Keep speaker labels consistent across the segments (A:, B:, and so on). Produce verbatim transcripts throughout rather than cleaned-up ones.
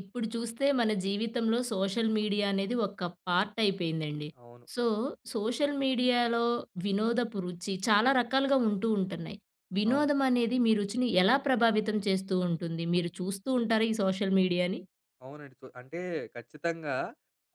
A: ఇప్పుడు చూస్తే మన జీవితంలో, సోషల్ మీడియా అనేది ఒక పార్ట్ అయిపోయిందండి.
B: అవును.
A: సో, సోషల్ మీడియాలో వినోదపు రుచి చాలా రకాలుగా ఉంటూ ఉంటున్నాయి.
B: అవును.
A: వినోదం అనేది మీ రుచిని ఎలా ప్రభావితం చేస్తూ ఉంటుంది? మీరు చూస్తూ ఉంటారా ఈ సోషల్ మీడియాని?
B: అవునండి. కొ అంటే ఖచ్చితంగా.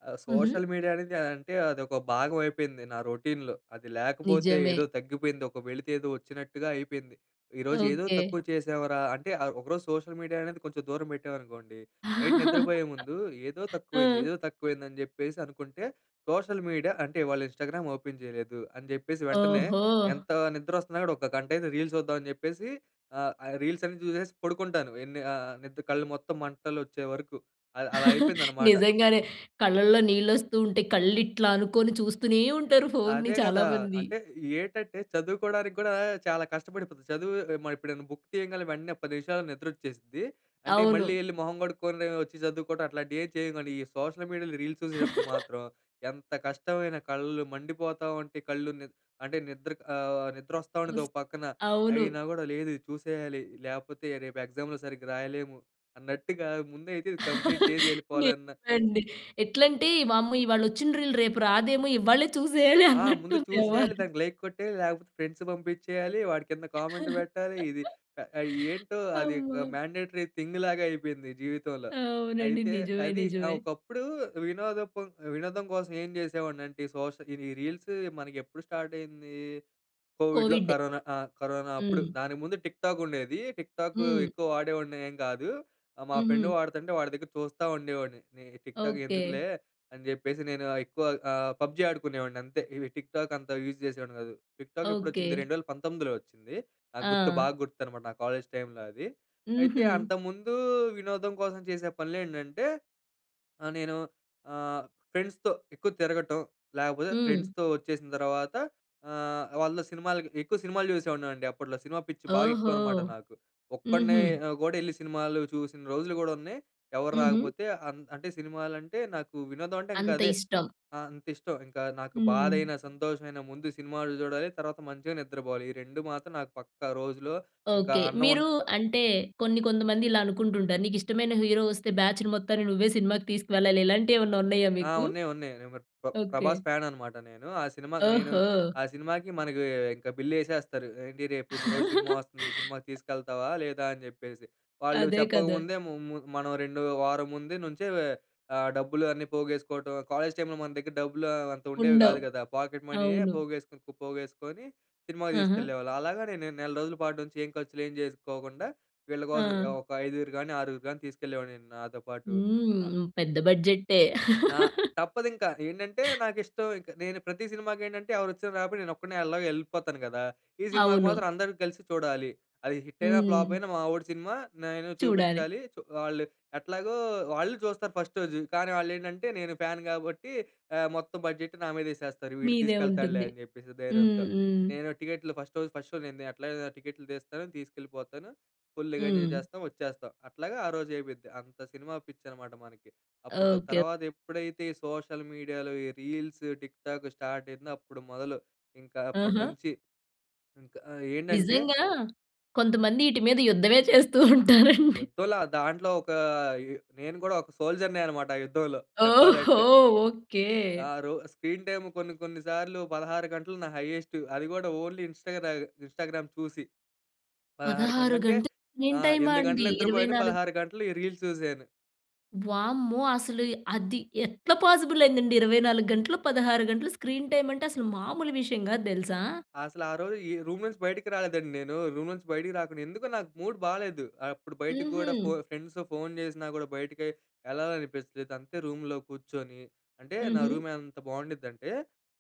B: ఆహ్,
A: హుహు.
B: సోషల్ మీడియా అనేది అంటే, అదొక భాగం అయిపోయింది నా రౌటీన్‌లో. అది లేకపోతే
A: నిజమే.
B: ఏదో తగ్గిపోయింది, ఒక వెలితి ఏదో వచ్చినట్టుగా అయిపోయింది. ఈరోజు ఏదో
A: ఓకే.
B: తక్కువ చేసావురా, అంటే ఆహ్, ఒకరోజు సోషల్ మీడియా అనేది కొంచెం దూరం పెట్టామనుకోండి. నైట్ నిద్రపోయే ముందు ఏదో తక్కువైంది,
A: ఆ!
B: ఏదో తక్కువ అయింది అని చెప్పేసి అనుకుంటే, సోషల్ మీడియా అంటే, ఇవాళ ఇన్‌స్టా‌గ్రామ్ ఓపెన్ చేయలేదు. అని చెప్పేసి వెంటనే
A: ఓహో!
B: ఎంతా నిద్ర వస్తున్నా గూడా ఒక గంట అయినా రీల్స్ చూద్దాం అని చెప్పేసి, ఆహ్, ఆ రీల్స్ అన్ని చూసేసి పడుకుంటాను. ఎన్ని ఆహ్, నిద్ కళ్ళు మొత్తం మంటలు వచ్చేవరకు. ఆహ్, అలా అయిపోయింది అనమాట.
A: నిజంగానే కళ్ళల్లో నీళ్ళు వస్తూ ఉంటే, కళ్ళు ఇట్లా అనుకోని చూస్తూనే ఉంటారు ఫోన్‍ని
B: అదే కదా!
A: చాలామంది.
B: అంటే, ఏంటంటే చదువుకోవడానికి కూడా చాలా కష్టపడిపోతం. చదువు హ్మ్. ఎప్పుడైనా బుక్ తీయగానే వెంటనే పది నిమిషాల్లో నిద్రొచ్చేస్తది. అంటే మళ్ళీ
A: అవును.
B: వెళ్ళి మొహం కడుక్కొని వచ్చి చదువుకోవడం అట్లాంటివి ఏం చేయం కాని, ఈ సోషల్ మీడియాలో రీల్స్ చూసేటప్పుడు మాత్రం ఎంత కష్టమైన కళ్ళు మండిపోతా ఉంటే, కళ్ళు ని అంటే నిద్ర కావా నిద్ర వస్తా ఉంటాది ఒక
A: వాస్తు
B: పక్కన.
A: అవును.
B: అయినా కూడా లేదు చూసేయాలి, లేకపోతే రేపు ఎగ్జామ్‌లో సరిగ్గా రాయలేము అన్నట్టుగా ముందైతే కంప్లీట్ చేసి, వెళ్ళిపోవాలన్న
A: నిజమేనండి. ఎట్లంటే వామ్మో! ఇవాళ వచ్చిన రీలు రేపు రాదేమో, ఇవ్వాళే చూసేయాలి
B: ఆ!
A: అన్నట్టు
B: ముందు
A: ఉంది
B: చూసేయాలి.
A: యవ్వారం.
B: దానికి లైక్ కొట్టేయాలి. లేకపోతే ఫ్రెండ్స్ పంపించేయాలి. వాటి కింద కామెంట్ పెట్టాలి. ఇది ఆహ్, ఏంటో అది
A: అమ్మో!
B: ఆహ్, మాండేటరీ థింగ్‌లాగా అయిపోయింది జీవితంలో.
A: అవునండి.
B: అయితే
A: నిజమే,
B: అది అహ్,
A: నిజమే.
B: ఒకప్పుడు వినోదం కో వినోదం కోసం ఏం చేసేవాడిని అంటే ఈ సోషల్ ఈ రీల్స్ మనకి ఎప్పుడు స్టార్ట్ అయింది? కోవిడ్‌లో
A: కోవిడ్.
B: కరోనా ఆ! కరోనా అప్పుడు.
A: హ్మ్.
B: దానికి ముందు టిక్ టాక్ ఉండేది. టిక్ టాక్
A: హ్మ్.
B: ఎక్కువ వాడేవాడిని ఏం గాదు. మా ఫ్రెండ్
A: హుహు.
B: వాడుతుంటే వాడి దగ్గర చూస్తా ఉండేవాడిని. నేను టిక్ టాక్
A: ఓకే.
B: ఎందుకులే అని జెప్పేసి, నేను ఆహ్, ఎక్కువ ఆహ్, పబ్జీ ఆడుకునేవాడిని అంతే. ఇవి టిక్ టాక్ అంత యూజ్ చేసేవాడిని గాదు. TikTok
A: okay.
B: ఎప్పుడొచ్చింది? రెండు వేల పంతొమ్మిది లో వచ్చింది. నాకు గుర్తు,
A: ఆ!
B: బాగా గుర్తునమాట, నా కాలేజ్ టైమ్‌లో అది. అయితే
A: హుహు.
B: అంతకు ముందు వినోదం కోసం చేసే పనులు ఏంటంటే, ఆహ్, నేను ఆహ్, ఫ్రెండ్స్‌తో ఎక్కువ తిరగటం. లేకపోతే
A: హ్మ్.
B: ఫ్రెండ్స్‌తో వచ్చేసిన తర్వాత ఆహ్, వాళ్ళతో సినిమాలకి, ఎక్కువ సినిమాలు చూసేవాడిని అండి. అప్పట్లో సినిమా పిచ్చి బాగా ఎక్కువ
A: ఓహో!
B: అనమాట నాకు. ఒక్కడినే
A: హుహు.
B: ఆహ్, గూడా వెళ్లి సినిమాలు చూసిన రోజులు గూడా ఉన్నాయి. ఎవరు
A: హుహు.
B: రాకపోతే అహ్, అంటే సినిమాలంటే, నాకు వినోదం అంటే ఇంకా
A: అంత
B: అదే.
A: ఇష్టం.
B: అంత ఇష్టం. ఇంకా నాకు బాధ
A: హ్మ్.
B: అయినా, సంతోషం అయినా, ముందు సినిమాలు చూడాలి, తర్వాత మంచిగా నిద్రపోవాలి. ఈ రెండు మాత్రం నాకు పక్కా రోజులో. ఇంకా
A: ఓకే.
B: అన్నం
A: మీరు అంటే కొన్ని, కొంతమంది ఇలా అనుకుంటుంటారు. నీకు ఇష్టమైన హీరో వస్తే బ్యాచ్‌ని మొత్తాన్ని నువ్వే సినిమాకి తీసుకువెళ్ళాలి. ఇలాంటివి ఏమన్నా ఉన్నాయా
B: ఆహ్,
A: మీకు?
B: ఉన్నాయి. ఉన్నాయి. ప
A: ఓకే.
B: ప్రభాస్ ఫ్యాన్ అనమాట నేను. ఆ సినిమాకి నేను
A: ఓహో!
B: ఆ సినిమాకి మనకి ఇంక బిల్లు ఏసేస్తారు. ఏంటి రేపు మీ వోడి సినిమా వస్తుంది. సినిమాకి తీసుకెళ్తావా? లేదా? అని జెప్పేసి. వాళ్ళు
A: అదే గదా!
B: చెప్పకముందే ము ము మనం రెండు వారం ముందు నుంచే ఆహ్, డబ్బులు అన్నీ పోగేసుకోవటం. కాలేజ్ టైమ్‌లో మన దగ్గర డబ్బులు ఆహ్, అంత ఉండేవి కాదు
A: ఉండవు.
B: గదా! పాకెట్ మనీయే
A: అవును.
B: పోగేసుకొని, పోగేసుకొని సినిమాకి
A: ఆహా!
B: తీసుకెళ్ళేవాళ్ళం. అలాగా నేను నెల రోజుల పాటు నుంచి ఏం ఖర్చులు ఏమి చేసుకోకుండా, వీళ్ళకోసం
A: ఆ!
B: ఒక ఐదుగుర్ని గాని, ఆరుగురిని గాని తీసుకెళ్ళేవాడిని నేను నాతో పాటు.
A: హ్మ్. పెద్ద బడ్జెట్టే.
B: ఆ! తప్పదు ఇంకా. ఏంటంటే నాకు ఇష్టం ఇంక. నేను ప్రతి సినిమాకి ఏంటంటే ఎవరు వచ్చినా రాకపోయినా, నేను ఒక్కడినే ఎలాగూ వెళ్ళిపోతాను గదా! ఈ సినిమాకి
A: అవును.
B: మాత్రం అందరం కలిసి చూడాలి. అది హిట్ అయినా ఫ్లాప్
A: హ్మ్.
B: అయినా మా వోడి సినిమా నేను
A: చూడాలి.
B: చూపించాలి. చు వాళ్ళు ఎట్లాగో వాళ్ళు చూస్తారు ఫస్ట్ రోజు. కానీ వాళ్ళు ఏంటంటే నేను ఫ్యాన్ కాబట్టి ఆహ్, మొత్తం బడ్జెట్ నా మీద వేసేస్తారు. వీడు
A: మీదే
B: తీసుకెళ్తాడులే
A: ఉంటుంది.
B: అని చెప్పేసి ధైర్యంతో. నేను టికెట్లు ఫస్ట్ రోజు, ఫస్ట్ షో నేను ఎట్లా అయినా టికెట్లు తీస్తాను, తీసుకెళ్ళిపోతాను, ఫుల్‌గా ఎంజాయ్
A: హ్మ్.
B: జేస్తాం, వచ్చేస్తాం. అట్లాగా ఆ రోజు అయిపోద్ది. అంత సినిమా పిచ్చి అనమాట, మనకి అప్పుడు.
A: ఓకే.
B: తర్వాత ఎప్పుడైతే ఈ సోషల్ మీడియాలో ఈ రీల్స్, టిక్ టాక్ స్టార్ట్ అయిందో అప్పుడు మొదలు, ఇంకా అప్పటి
A: ఆహా!
B: నుంచి. ఇంకా ఏంటంటే
A: నిజంగా. కొంతమంది వీటి మీద యుద్ధమే చేస్తూ ఉంటారండి.
B: యుద్ధంలో ఆహ్, దాంట్లో ఒక ఎ నేను గూడా ఒక సోల్జర్‌నే అన్నమాట, ఆ యుద్ధంలో
A: ఓహో!
B: చెప్పాలంటే.
A: ఓకే.
B: ఆహ్, రో స్క్రీన్ టైమ్ కొన్ని కొన్ని సార్లు పదహారు గంటలు నా హైయెస్ట్. అది కూడా ఓన్లీ ఇంస్టాగ్రామ్ ఇన్స్టాగ్రామ్ చూసి పదహారు
A: పదహారు
B: గంటలు అంటే
A: గంటలు స్క్రీన్
B: ఆహ్,
A: టైమా
B: ఎనిమిది
A: అండి?
B: గంటలు నిద్రపోయాను.
A: ఇరవైనాలుగు
B: పదహారు గంటలు ఈ రీల్స్ చూసాను.
A: వామ్మో! అసలు అది ఎట్ల పాజిబుల్ అయిందండి ఇరవై నాలుగు గంటలు, పదహారు గంటలు స్క్రీన్ టైమ్ అంటే, అసలు మామూలు విషయం గాద్దెలుసా!
B: అసలు ఆ రోజు, ఈ రూమ్ నుంచి బయటకి రాలేదండి నేను. రూమ్ నుంచి బయటికి రాకుండా, ఎందుకో నాకు మూడ్ బాలేదు. అప్పుడు బయటకి గూడా ఫో
A: హుహు.
B: ఫ్రెండ్స్‌తో ఫోన్ జేసినా గూడా బయటికి ఎళ్ళాలనిపించలేదు. అంతే రూమ్‌లో కూర్చొని అంటే, నా
A: హుహు
B: రూమ్ ఎంత బాగుండిద్ది అంటే,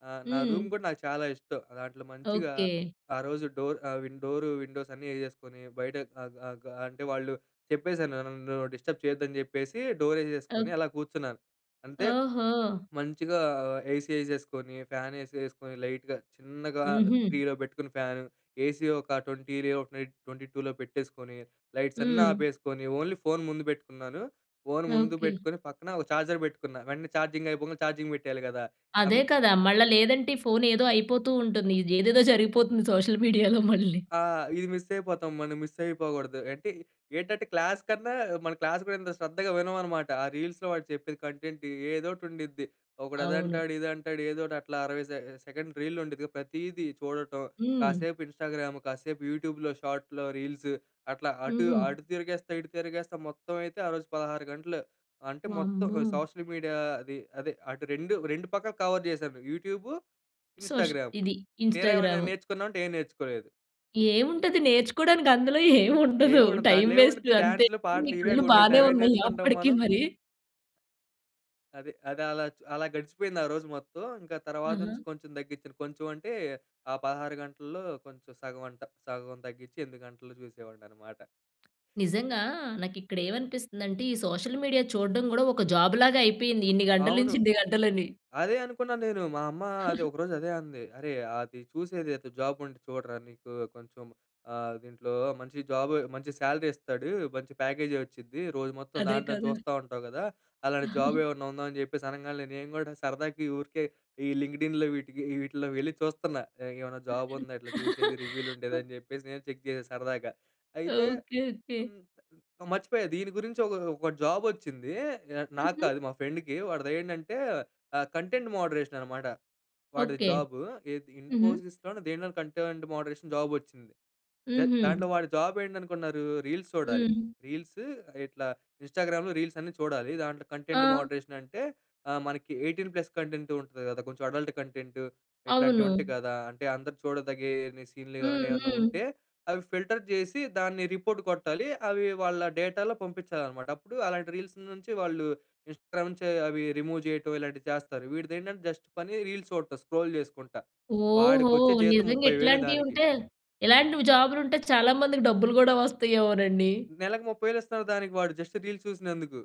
B: ఆహ్, నా రూమ్
A: హ్మ్.
B: గూడా నాకు చాలా ఇష్టం. దాంట్లో మంచిగా,
A: ఓకె.
B: ఆ రోజు డోర్ అవి డోర్ విండోస్ అన్నీ ఏసేసుకొని, బయట అగ్ అగ్ అంటే వాళ్ళు చెప్పేసాను నన్ను డిస్టర్బ్ చేయొద్దు అని చెప్పేసి, డోర్ ఏసేసుకొని
A: ఓక్
B: అలా కూర్చున్నాను. అంతే,
A: ఓహో!
B: మంచిగా ఏసీ ఏసేసుకొని, ఫ్యాన్ ఏసేసుకొని, లైట్‌గా చిన్నగా
A: హుహు.
B: త్రీలో పెట్టుకొని ఫ్యాన్, ఏసీ ఒక ట్వంటీ రే ఒక నైట్ ట్వంటీ టూలో పెట్టేసుకొని. లైట్స్ అన్నీ
A: హ్మ్.
B: ఆపేసుకొని, ఓన్లీ ఫోన్ ముందు పెట్టుకున్నాను. ఫోన్ ముందు
A: ఓకె.
B: పెట్టుకొని, పక్కన ఒక ఛార్జర్ పెట్టుకున్న, వెంటనే ఛార్జింగ్ అయిపోగానే ఛార్జింగ్ పెట్టేయాలి గదా!
A: అదే
B: అంత
A: కదా! మళ్ళా లేదంటే, ఫోన్ ఏదో అయిపోతూ ఉంటుంది. ఏదేదో జరిగిపోతుంది. సోషల్ మీడియాలో మళ్ళీ.
B: ఆ! ఇది మిస్ అయిపోతాం. మనం మిస్ అయిపోకూడదు. అంటే ఏంటంటే క్లాస్ కన్నా, మన క్లాస్ కూడా ఎంత శ్రద్ధగా వినమనమాట. ఆ రీల్స్‌లో వాడు చెప్పేది కంటెంట్, ఏదో ఒకటి ఉండిద్ది. ఒకడు
A: అవును.
B: అదంటాడు, ఇది అంటాడు, ఏదో ఒకటి అట్లా అరవై సె సెకండ్ రీల్ ఉండిద్ది. ప్రతీదీ చూడటం
A: హ్మ్.
B: కాసేపు ఇన్స్టాగ్రామ్, కాసేపు యూట్యూబ్‌లో షార్ట్స్‌లో, రీల్స్ అట్లా. అటు,
A: హుహు.
B: అటు తిరిగేస్తా, ఇటు తిరిగేస్తా, మొత్తం అయితే ఆరోజు పదహారు గంటలు. అంటే మొత్తం
A: వామ్మో!
B: సోషల్ మీడియా అది. అదే అటు రెండు రెండు పక్కల కవర్ చేసాను. యూట్యూబ్,
A: సోష్
B: ఇన్స్టాగ్రామ్.
A: ఇది
B: తీరా ఏమైనా
A: ఇన్స్టాగ్రాము.
B: నేర్చుకున్నాం అంటే, ఏం నేర్చుకోలేదు.
A: ఏముంటది నేర్చుకోవడానికందులో? ఏం ఉండదు.
B: ఏవుండదు
A: టైమ్
B: దాంట్లో
A: వేస్ట్
B: ఏవుండిద్ది?
A: అంతే.
B: డాన్స్‌లు
A: మీ
B: పాటలు
A: కళ్ళు
B: ఇవేగా ఉండిద్ది.
A: బానే
B: అవేం
A: ఉన్నయ్యా
B: నేర్చుకుంటాం
A: అప్పటికీ
B: మనం?
A: మరి?
B: అది. అది అలాగ్ అలా గడిసిపోయిందారోజు మొత్తం. ఇంక తర్వాత
A: ఆహా!
B: నుంచి కొంచెం తగ్గిచ్చెను. కొంచెం అంటే, ఆ పదహారు గంటల్లో, కొంచెం సగం అంట. సగం తగ్గిచ్చి, ఎనిమిది గంటలూ చూసేవాడిననమాట.
A: నిజంగా, నాకిక్కడేవనిపిస్తుందంటే, ఈ సోషల్ మీడియా చూడడం కూడా ఒక జాబు లాగా అయిపోయింది. ఇన్ని గంటల
B: అవును.
A: నించి, ఇన్ని గంటలని.
B: అదే అనుకున్నా నేను. మా అమ్మ అదే, ఒకరోజు అదే అంది. "అరే! అది చూసేదేదో జాబుంటే చూడరా. నీకు, కొంచెం ఆహ్, దీంట్లో, మంచి జాబు, మంచి శాలరీ ఇస్తాడు, మంచి ప్యాకేజీ వచ్చుద్ది, రోజు మొత్తం
A: అదే
B: దాంట్లోనే
A: కదా!
B: చూస్తా ఉంటావు గదా! అలాంటి జాబ్ ఏమన్నా ఉందా?" అని జెప్పేసి అనంగాల్నే, నేను గూడా, సరదాకి ఊరికే, ఈ లింక్డ్ ఇన్‌లో వీటికి ఈ వీటిల్లో వెళ్లి చూస్తన్నా. ఏమన్నా జాబ్ ఉందా ఇట్లా చూసేది? రివ్యూలు ఉండేది, అని చెప్పేసి, నేను చెక్ జేశా సరదాగా. అయితే
A: ఓకె, ఓకె.
B: హ్మ్, ప్ హ్మ్, మర్చిపోయా. దీని గురించి ఒక ఒక జాబ్ వచ్చింది. నాకు
A: హుహు.
B: కాదు మా ఫెండ్‌కి. వాడిదేంటంటే, ఆహ్, కంటెంట్ మోడరేషన్ అనమాట వాడిది
A: ఓకె.
B: జాబ్. ఏద్
A: హుహు.
B: ఇన్ఫోసిస్‌లోనో దేంట్లోనో, కంటెంట్ మోడరేషన్ జాబ్ వచ్చింది. జ
A: హుహు.
B: దాంట్లో వాడి జాబ్ ఏంటనుకున్నారు? రీల్స్ చూడాలి.
A: హ్మ్.
B: రీల్స్, ఇట్లా ఇన్స్టాగ్రామ్‌లో రీల్స్ అన్నీ చూడాలి. దాంట్లో కంటెంట్
A: ఆ!
B: మోడరేషన్ అంటే ఆహ్, మనకి ఎయిటీన్ ప్లస్ కంటెంట్ ఉంటది కదా! కొంచెం అడల్ట్ కంటెంట్, ఇట్లాంటి
A: అవును.
B: ఉంటయి కదా! అంటే అందరు చూడదగేని సీన్‌లు
A: హ్మ్,
B: ఏవన్నా, ఏవన్నా
A: హ్మ్.
B: ఉంటే, అవి ఫిల్టర్ జేసి, దాన్ని రిపోర్ట్ కొట్టాలి. అవి వాళ్ళ డేటాలో పంపించాలనమాట. అప్పుడు అలాంటి రీల్స్ నుంచి వాళ్ళు ఇన్ స్ట్రాం నుంచి, అవి రిమూవ్ జేయటం ఇలాంటి చేస్తారు. వీడిదేంటంటే, జస్ట్ పని రీల్స్ చూడటం, స్క్రోల్ చేసుకుంటా.
A: ఓహో!
B: వాడికొచ్చే జీతం ముప్పై వేలు
A: నిజంగిట్లాంటియి
B: దానికి.
A: ఉంటే ఇలాంటివి జాబ్‌లుంటే చాలా మందికి డబ్బులు గూడా వస్తయేవోనండి.
B: నెలకు ముప్పై వేలు ఇస్తనారు, దానికి. వాడు జస్ట్ రీల్స్ చూసినందుకు.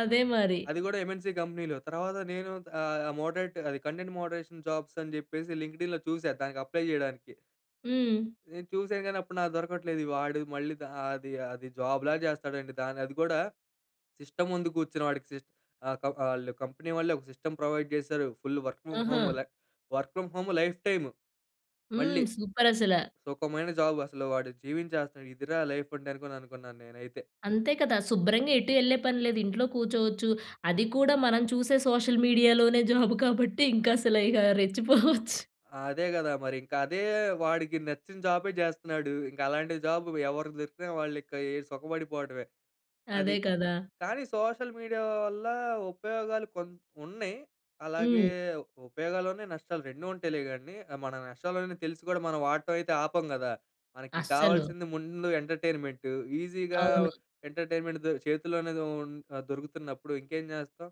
A: అదే మరి.
B: అది కూడా ఎమ్‌ఎన్‌సి కంపెనీలో. తర్వాత నేను ఆహ్, మోడరేట్ అది కంటెంట్ మోడరేషన్ జాబ్స్ అని చెప్పేసి లింక్డిన్ లో చూసాను దానికి అప్లై చేయడానికి...
A: హ్మ్.
B: నేను చూసాను గాని అప్పుడు నాకు దొరకట్లేదు. వాడు మళ్ళీ ఆహ్, అది అది జాబు లాగా చేస్తాడండి దాన్ని. అది కూడా సిస్టమ్ ముందు కూర్చుని. వాడికి సీస్ ఆహ్, ఆళ్ళు కంపెనీ వాళ్ళే ఒక సిస్టమ్ ప్రొవైడ్ చేసారు, ఫుల్ వర్క్ ఫ్రామ్
A: ఆహా!
B: హోమ్ లై work from home life time,
A: హ్మ్,
B: మళ్ళీ.
A: సూపర్ అసల.
B: సుఖమైన జాబు అసలు వాడు, జీవించేస్తునాడు. ఇదిరా లైఫ్ అంటే అనుకొంటు అనుకున్నాను నేనైతే.
A: అంతే కదా, శుభ్రంగా ఎటూ ఎళ్ళే పని లేదు. ఇంట్లో కూర్చోవచ్చు, అది కూడా మనం చూసే సోషల్ మీడియాలోనే జాబు కాబట్టి ఇంకా అసలు ఇక రెచ్చిపోవచ్చు.
B: ఆదే కదా! మరి ఇంక అదే వాడికి నచ్చిన జాబే చేస్తన్నాడు. ఇంకా అలాంటి జాబు ఎవరికి దొరికినా వాళ్ళు ఇకే సుఖపడిపోవడమే,
A: అదే
B: అది.
A: కదా.
B: కానీ సోషల్ మీడియా వల్ల ఉపయోగాలు కొన్ని ఉన్నాయి. అలాగే
A: హ్మ్.
B: ఉపయోగాలున్నాయి, నష్టాలు రెండు ఉంటాయిలే కానీ, మన నష్టాలున్నాయని తెలిసి కూడా మనం వాడటం అయితే ఆపం గదా. మనకి
A: అస్సలు.
B: కావాల్సింది ముందు ఎంటర్టైన్మెంట్ ఈజీగా
A: అవును.
B: ఎంటర్టైన్మెంట్ ద చేతుల్లోనే ఉం దొరుకుతున్నప్పుడు ఇంకేం చేస్తాం.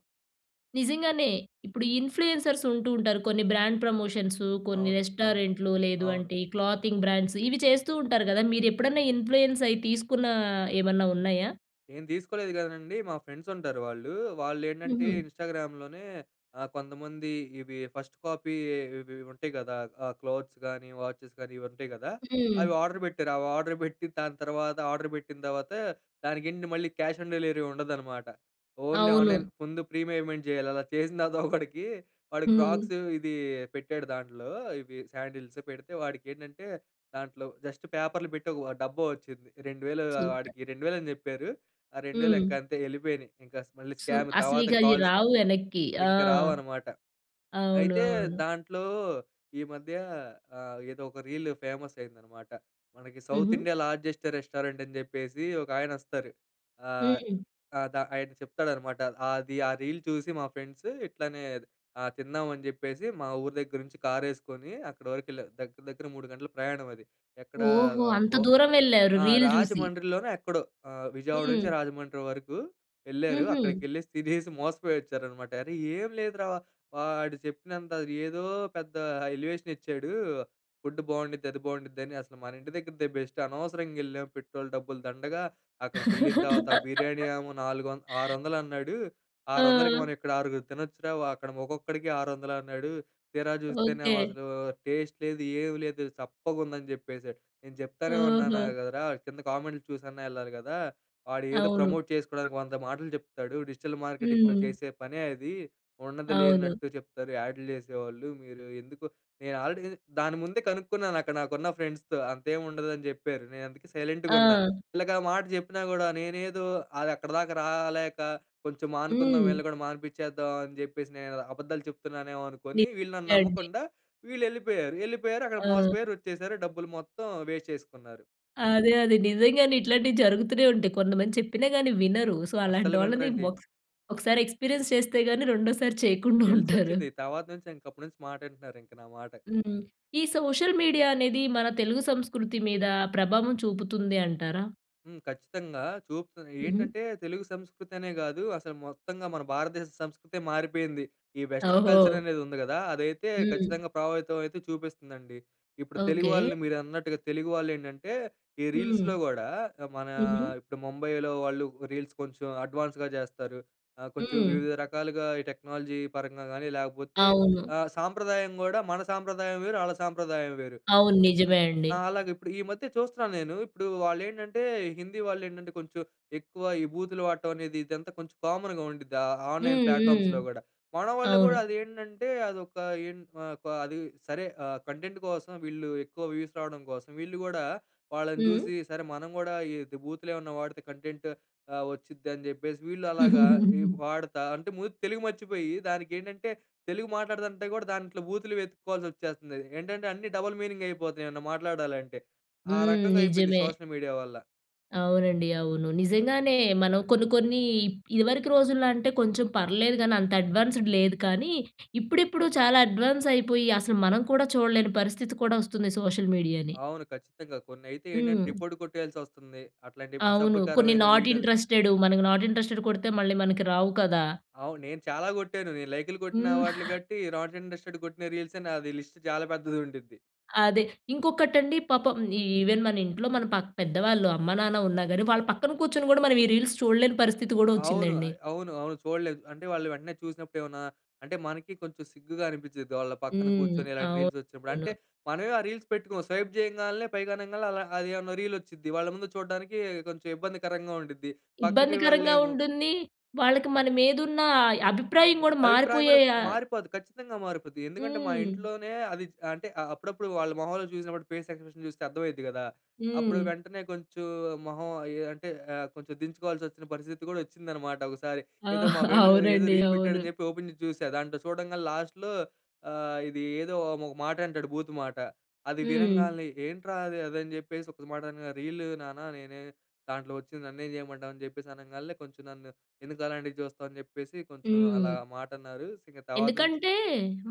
A: నిజంగానే. ఇప్పుడు ఇన్‌ప్లు‌యెన్సర్స్ ఉంటూ ఉంటారు. కొన్ని బ్రాండ్ ప్రమోషన్సు, కొన్ని
B: అవును. అవును.
A: రెస్టారెంట్లు, లేదు
B: అవును.
A: అంటే ఈ క్లాతింగ్ బ్రాండ్స్ ఇవి చేస్తూ ఉంటారు కదా! మీరు ఎప్పుడైనా ఇన్‌ప్లు‌యెన్స్ అయి తీసుకున్న ఏమన్నా ఉన్నాయా?
B: నేను తీసుకోలేదు గాదండీ, మా ఫ్రెండ్స్ ఉంటారు వాళ్ళు. వాళ్ళు ఏంటంటే
A: హుహు.
B: ఇన్‌స్టాగ్రామ్‍లోనే కొంతమంది, ఇవి ఫస్ట్ కాపీ ఇవి ఉంటాయి కదా! క్లోత్స్ కాని వాచెస్ కాని ఇవి ఉంటాయి కదా! అవి
A: హ్మ్.
B: ఆర్డర్ పెట్టారు. అవి ఆర్డర్ పెట్టి, దాని తర్వాత ఆర్డర్ పెట్టిన తర్వాత దానికండి మళ్ళీ క్యాష్ ఆన్ డెలివరీ ఉండదనమాట. ఓన్లీ
A: అవును.
B: ఆన్లైన్ ముందు ప్రీ పేమెంట్ చేయాలి. అలా చేసిన తర్వాత ఒకడికి వాడు
A: హ్మ్.
B: క్రాక్స్ ఇది పెట్టాడు దాంట్లో. ఇది శాండిల్స్ పెడితే వాడికి ఏంటంటే, దాంట్లో జస్ట్ పేపర్లు పెట్టి డబ్బా వచ్చింది. రెండు వేలు
A: ఓకే.
B: వాడికి, రెండు వేలు అని చెప్పారు. ఆ రెండు వేలు
A: హ్మ్.
B: ఇంకా అంతే, వెళ్ళిపోయినాయి. ఇంక మళ్ళీ
A: సో,
B: స్కామ్
A: అసలు
B: తర్వాత
A: ఇక అయి
B: కాల్స్
A: రావు వెనక్కి. ఆ!
B: ఇంక రావనమాట.
A: అవును.
B: అయితే
A: అవును.
B: దాంట్లో ఈ మధ్య ఆహ్, ఏదో ఒక రీల్ ఫేమస్ అయిందనమాట. మనకి సౌత్
A: హుహు.
B: ఇండియా లార్జెస్ట్ రెస్టారెంట్ అని చెప్పేసి ఒకాయన వస్తారు. ఆహ్,
A: హ్మ్.
B: ఆహ్, ద ఆయన చెప్తాడనమాట అది. ఆ రీల్ చూసి మా ఫ్రెండ్స్ ఇట్లనే తిందాం అని చెప్పేసి మా ఊరి దగ్గర నుంచి కారేసుకొని అక్కడి వరకు వెళ్ళారు. దగ్గర దగ్గర మూడు గంటలు ప్రయాణం అది. ఎక్కడ
A: ఓహో! అంత
B: గో
A: దూరం వెళ్లారు
B: ఆహ్,
A: రీల్ చూసి.
B: రాజమండ్రిలోనో ఎక్కడో, విజయవాడ నుంచి
A: హ్మ్.
B: రాజమండ్రి వరకు వెళ్లారు. అక్కడికి
A: హుహు.
B: వెళ్ళేసి తినేసి, మోసపోయి వచ్చారనమాట. "అరే ఏం లేదురా! వాడు చెప్పినంత ఏదో పెద్ద ఎలివేషన్ ఇచ్చాడు. ఫుడ్ బాగుండిద్ది, అది బాగుండిద్ది అని. అసలు మన ఇంటి దగ్గరదే బెస్ట్ అనవసరంగా వెళ్ళాం, పెట్రోల్ డబ్బులు దండగా. అక్కడికి వెళ్ళిన తర్వాత బిర్యానీ ఏమో నాలుగు ఆరు వందలు అన్నాడు. ఆరు వందలకి మనం
A: ఆ!
B: ఇక్కడ ఆరుగురు తినొచ్చురా! అక్కడ ఒక్కొక్కరికి ఆరు వందలు అన్నాడు. తీరా
A: ఓకే.
B: చూస్తేనేమో అసలు టేస్ట్ లేదు, ఏమి లేదు చప్పకుందని చెప్పేసారు. నేను చెప్తానే ఉన్నాను
A: హుహు.
B: కదరా, కింద కామెంట్‌లు చూసన్నా వెళ్ళాలి కదా! వాడు ఏదో
A: అవును.
B: ప్రమోట్ చేసుకోవడానికి వంద మాటలు చెప్తాడు. డిజిటల్ మార్కెటింగ్ వాళ్ళు
A: హ్మ్.
B: చేసే పనే అది. ఉన్నది
A: అవును.
B: లేనట్టు చెప్తారు. యాడ్లు చేసేవాళ్ళు. మీరు ఎందుకు" నేను ఆల్రెడీ దాని ముందే కనుక్కున్నాను. అక్కడ నాకు ఉన్న ఫ్రెండ్స్‌తో. అంతేమి ఉండదు అని చెప్పారు. నేను అందుకే సైలెంట్‌గా ఉన్నా.
A: ఆ!
B: వీళ్ళకి ఆ మాట చెప్పినా కూడా నేనేదో అది అక్కడిదాకా రాలేక, కొంచెం మానుకుందాం,
A: హ్మ్.
B: వీళ్ళని కూడా మానిపించేద్దాం అని చెప్పేసి, నేను అబద్ధాలు చెప్తున్నానేమో అనుకోని, వీళ్ళు నన్ను
A: నిజంగా అండి.
B: నమ్మకుండా, వీళ్ళు వెళ్ళిపోయారు. వెళ్ళిపోయారు, అక్కడ
A: ఆ!
B: మోసపోయారు. వచ్చేసారు డబ్బులు మొత్తం వేస్ట్ చేసుకున్నారు.
A: అదే! అదే! నిజంగానే ఇట్లాంటివి జరుగుతూనే ఉంటాయి. కొంతమంది చెప్పినా గాని వినరు. సో అలాంటి
B: అస్సలు
A: వాళ్ళని
B: వినరండి.
A: ఒక్స్ ఒకసారి ఎక్స్పీరియన్స్ చేస్తే గాని, రెండోసారి చేయకుండా ఉంటారు.
B: తెలిసొచ్చింది. తర్వాత నుంచి, ఇంక అప్పటినుంచి మాట వింటున్నారు. ఇంక నా మాటే.
A: హ్మ్. ఈ సోషల్ మీడియా అనేది మన తెలుగు సంస్కృతి మీద ప్రభావం చూపుతుంది అంటారా?
B: హ్మ్, ఖచ్చితంగా చూప్
A: హుహు.
B: ఏంటంటే తెలుగు సంస్కృతి అనే కాదు, అసలు మొత్తంగా మన భారతదేశ సంస్కృతే మారిపోయింది. ఈ వెస్టర్న్ కల్చర్
A: ఓహో!
B: అనేది ఉంది కదా, అదైతే
A: హ్మ్.
B: ఖచ్చితంగా ప్రభావితం అయితే చూపిస్తుందండి. ఇప్పుడు తెలుగు
A: ఓకె.
B: వాళ్ళని, మీరన్నట్టుగా తెలుగు వాళ్ళు ఏంటంటే ఈ
A: హ్మ్.
B: రీల్స్‌లో గూడా, మన
A: హుహు.
B: ఇప్పుడు ముంబైలో వాళ్ళు రీల్స్ కొంచెం అడ్వాన్స్‌గా చేస్తారు. ఆహ్, కొంచెం
A: హ్మ్.
B: వివిధ రకాలుగా ఈ టెక్నాలజీ పరంగా కానీ, లేకపోతే
A: అవును.
B: ఆహ్, సాంప్రదాయం గూడా మన సాంప్రదాయం వేరు, ఆళ్ళ సాంప్రదాయం వేరు.
A: అవును,
B: వ ఇ
A: నిజమే అండి.
B: ఆ! అలాగే ఇప్పుడు ఈ మధ్య చూస్తున్నాను నేను, ఇప్పుడు వాళ్ళు ఏంటంటే, హిందీ వాళ్ళు ఏంటంటే, కొంచెం ఎక్కువ ఈ బూతులు వాడటం అనేది, ఇదంతా కొంచెం కామన్‌గా ఉండుద్ది ఆ ఆన్లైన్
A: హ్మ్, హ్మ్.
B: ప్లాట్ఫామ్స్‌లో కూడా. మన వాళ్ళు గూడా
A: అవును.
B: అదెంటంటే, అదొక ఏంట్ ఆహ్, ఒక అది సరే, ఆహ్, కంటెంట్ కోసం వీళ్ళు ఎక్కువ వ్యూస్ రావడం కోసం, వీళ్ళు గూడా వాళ్ళని
A: హ్మ్.
B: చూసి, సరే మనం కూడా ఈ ద్ బూతులు ఏమన్నా వాడితే కంటెంట్ ఆహ్, వచ్చిద్ది అని చెప్పేసి వీళ్ళు అలాగా ఈ వాడతా అంటే, ముందు తెలుగు మర్చిపోయి, దానికి ఏంటంటే, తెలుగు మాట్లాడుతుంటే కూడా దాంట్లో బూతులు వెతుక్కోవాల్సి వచ్చేస్తుంది. ఏంటంటే అన్నీ డబుల్ మీనింగ్ అయిపోతున్నయ్ ఏమన్నా మాట్లాడాలంటే, ఆ
A: హ్మ్,
B: రకంగా అయిపోయింది
A: నిజమే.
B: సోషల్ మీడియా వల్ల.
A: అవునండి. అవును. నిజంగానే మనం కొన్ని, కొన్ని ఇప్ ఇదివరకు రోజుల్లో, అంటే కొంచెం పర్లేదు గానీ, అంత అడ్వాన్స్డ్ లేదు కానీ, ఇప్పుడిప్పుడు చాలా అడ్వాన్స్ అయిపోయి, అసలు మనం కూడా చూడలేని పరిస్థితి కూడా వస్తుంది సోషల్ మీడియాని.
B: అవును. ఖచ్చితంగా. కొన్ని అయితే ఏంటంటే,
A: హ్మ్.
B: రిపోర్టు కొట్టేయాల్సి వస్తుంది. అట్లాంటి
A: అవును. కొన్ని
B: అసభ్యకరమైన
A: నాట్
B: వీడియోలు.
A: ఇంట్రెస్టెడు, మనకి నాట్ ఇంట్రెస్టెడ్ కొడితే, మళ్ళీ మనకి రావు కదా!
B: అవును. నేను చాలా గొట్టాను. నేను లైక్‌లు కొట్టిన
A: హ్మ్.
B: వాట్ల కంటే, ఈ నాట్ ఇంట్రెస్టెడ్ కొట్టిన రీల్సే, నాది లిస్ట్ చాలా పెద్దది ఉండిద్ది.
A: అదే. ఇంకొకటండి పాపం. ఈ ఈవెన్ మన ఇంట్లో మన ప పెద్దవాళ్ళు అమ్మ నాన్న ఉన్నా గాని, వాళ్ళ పక్కన కూర్చొని గూడా, మనం ఈ రీల్స్ చూడలేని పరిస్థితి గూడా
B: అవును.
A: వచ్చిందండి.
B: అవును. అవును చూడలేం. అంటే వాళ్ళు వెంటనే చూసినప్పుడు ఏమన్నా అంటే, మనకి కొంచెం సిగ్గుగా అనిపించిద్ది. వాళ్ళ పక్కన
A: హ్మ్.
B: కూర్చొని, ఇలాంటి రీల్స్ వచ్చినపుడు. అంటే,
A: అవునవును.
B: మనమే ఆ రీల్స్ పెట్టుకోం. స్వైప్ చేయంగాల్నే, పైకి అనంగాల్నే, వాళ్ళ ఆదేమో రీల్ వచ్చిద్ది. వాళ్ళ ముందు చూడడానికి, కొంచెం ఇబ్బందికరంగా ఉంటుంది. పక్కకి
A: ఇబ్బందికరంగా
B: వెళ్ళలేము.
A: ఉంటుంది. వాళ్ళకి మన మీద ఉన్న, అభిప్రాయం గూడా
B: అభిప్రాయం
A: మారిపోయే
B: గూడా మారిపోద్ది. ఖచ్చితంగా మారిపోద్ది. ఎందుకంటే, మా
A: హ్మ్.
B: ఇంట్లోనే అది అంటే, అ అప్పుడప్పుడు వాళ్ళ మొహంలో చూసినప్పుడు. ఫేస్ ఎక్స్ప్రెషన్ చూస్తే అర్థమైద్ది గదా. అప్పుడు
A: హ్మ్.
B: వెంటనే కొంచెం మొహం అయే అంటే, కొంచెం దించుకోవాల్సి వచ్చిన, పరిస్థితి గూడా వచ్చిందనమాట ఒకసారి. ఏదో మా ఫ్రెండ్ ఏదో
A: అవునండి.
B: రీల్ పెట్టాడు
A: అవును.
B: అని చెప్పి ఓపెన్ జేసి చూసా. దాంట్లో చూడంగాల్నే, లాస్ట్‌లో ఆహ్, ఇది ఏదో, ఒక మాట అంటాడు. బూతు మాట. అది
A: హ్మ్.
B: వినంగాన్లే, "ఏంట్రా అది?" అది అని చెప్పేసి ఒక మాట అనగా, "రీల్ నాన్న. నేనే దాంట్లో వచ్చింది నన్నేం చేయమంటావు!" అని చెప్పేసి అనంగాన్లే. కొంచెం నన్ను "ఎందుకు అలాంటివి చూస్తావు?" అని చెప్పేసి, కొంచెం అలా
A: హ్మ్.
B: మాట అన్నారు. ఇంక తర్వాత నుంచి
A: ఎందుకంటే,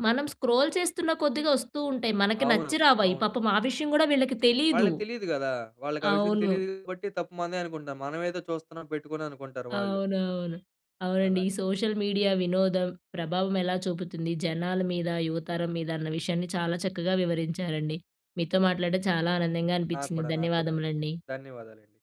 A: మనం స్క్రోల్ చేస్తున్న కొద్దిగా, వస్తూ ఉంటాయి మనకి
B: అవును.
A: నచ్చిరావు అవి.
B: అవును.
A: పాపం ఆ విషయం గూడా, వీళ్ళకి తెలీదు.
B: వాళ్ళకి తెలీదు గదా! వాళ్ళకి ఆ విషయం
A: అవును.
B: తెలియదు కాబట్టి, తప్పు మనదే అనుకుంటాం. మనమేదో చూస్తున్నాం పెట్టుకొని అనుకుంటారు వాళ్ళు.
A: అవునవును. అవునండి. ఈ
B: అలాగా.
A: సోషల్ మీడియా వినోదం, ప్రభావం ఎలా చూపుతుంది జనాల మీద, యువతరం మీద అన్న విషయాన్ని, చాలా చక్కగా వివరించారండి. మీతో మాట్లాడం చాలా ఆనందంగా అనిపించింది.
B: నాక్కూడ, నాక్కూడా అండి.
A: ధన్యవాదములండి.
B: ధన్యవాదాలండి.